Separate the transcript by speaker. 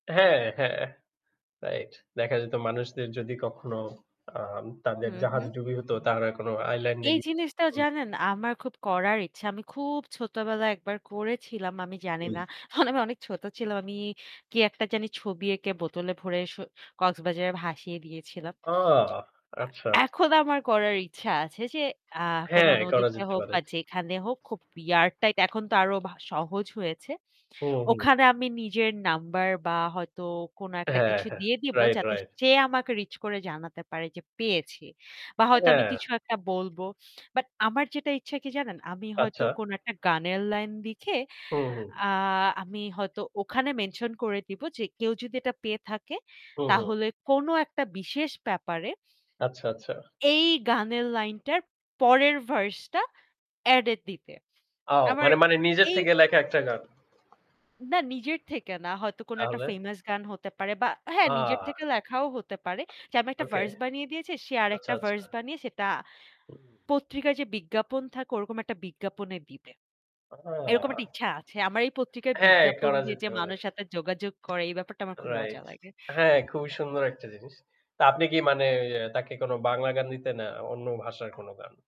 Speaker 1: হ্যাঁ, হ্যাঁ। রাইট। দেখা যেত মানুষদের যদি কখনো আ তাদের
Speaker 2: হু,
Speaker 1: জাহাজ
Speaker 2: হু।
Speaker 1: ডুবি হত তারা কোনও আইল্যান্ড এ
Speaker 2: এই
Speaker 1: গিয়ে।
Speaker 2: জিনিসটাও
Speaker 1: হুম।
Speaker 2: জানেন আমার খুব করার ইচ্ছা। আমি খুব ছোটবেলায় একবার করেছিলাম আমি জানি
Speaker 1: হুম।
Speaker 2: না। মানে আমি অনেক ছোট ছিলাম। আমি কি একটা জানি ছবি এঁকে বোতলে ভরে সো কক্সবাজারে ভাসিয়ে দিয়েছিলাম।
Speaker 1: ওহ। আচ্ছা।
Speaker 2: এখন আমার করার ইচ্ছা আছে যে আ কোন
Speaker 1: হ্যাঁ, করা
Speaker 2: নদীতে
Speaker 1: যেতে
Speaker 2: হোক
Speaker 1: পারে।
Speaker 2: বা যেখানে হোক খুব রেয়ার টাইপ এখন তো আরো সহজ হয়েছে।
Speaker 1: হুম, হুম।
Speaker 2: ওখানে আমি নিজের নাম্বার বা হয়তো কোন একটা
Speaker 1: হ্যাঁ,
Speaker 2: কিছু
Speaker 1: হ্যাঁ,
Speaker 2: দিয়ে দিবো
Speaker 1: রাইট,
Speaker 2: যাতে
Speaker 1: রাইট।
Speaker 2: সে আমাকে রিচ করে জানাতে পারে যে পেয়েছি। বা হয়তো আমি
Speaker 1: হ্যাঁ।
Speaker 2: কিছু একটা বলব। বাট আমার যেটা ইচ্ছা কি জানেন, আমি হয়তো
Speaker 1: আচ্ছা।
Speaker 2: কোন একটা গানের লাইন লিখে
Speaker 1: হুম, হুম।
Speaker 2: আ আমি হয়তো ওখানে মেনশন করে দিব যে কেউ যদি এটা পেয়ে থাকে
Speaker 1: হুম, হুম।
Speaker 2: তাহলে কোন একটা বিশেষ ব্যাপারে
Speaker 1: আচ্ছা, আচ্ছা।
Speaker 2: এই গান লাইন টার পরের ভার্স টা অ্যাড এ দিতে।
Speaker 1: আও
Speaker 2: আবার
Speaker 1: মানে, মানে নিজের
Speaker 2: এই
Speaker 1: থেকে লেখা একটা গান।
Speaker 2: না নিজের থেকে না হয়তো কোনো একটা
Speaker 1: তাহলে?
Speaker 2: ফেমাস গান হতে পারে বা হ্যাঁ নিজের
Speaker 1: আ
Speaker 2: থেকে লেখাও হতে পারে যে আমি একটা
Speaker 1: ওকে।
Speaker 2: ভার্স বানিয়ে দিয়েছি সে
Speaker 1: আচ্ছা,
Speaker 2: আরেকটা
Speaker 1: আচ্ছা।
Speaker 2: ভার্স বানিয়ে সেটা
Speaker 1: হুম।
Speaker 2: পত্রিকায় যে বিজ্ঞাপন থাকে ওরকম একটা বিজ্ঞাপনে দিবে।
Speaker 1: আ আচ্ছা,
Speaker 2: এরকম
Speaker 1: আচ্ছা।
Speaker 2: একটা ইচ্ছা আছে। আমার এই পত্রিকায়
Speaker 1: হ্যাঁ,
Speaker 2: বিজ্ঞাপন
Speaker 1: করা
Speaker 2: দিয়ে
Speaker 1: যেতে
Speaker 2: যে
Speaker 1: পারে।
Speaker 2: মানুষের হাতে যোগাযোগ করে এই ব্যাপারটা আমার খুব মজা
Speaker 1: রাইট।
Speaker 2: লাগে।
Speaker 1: হ্যাঁ খুবই সুন্দর একটা জিনিস। তা আপনি কি মানে তাকে কোন বাংলা গান দিতেন না অন্য ভাষার কোনো গান?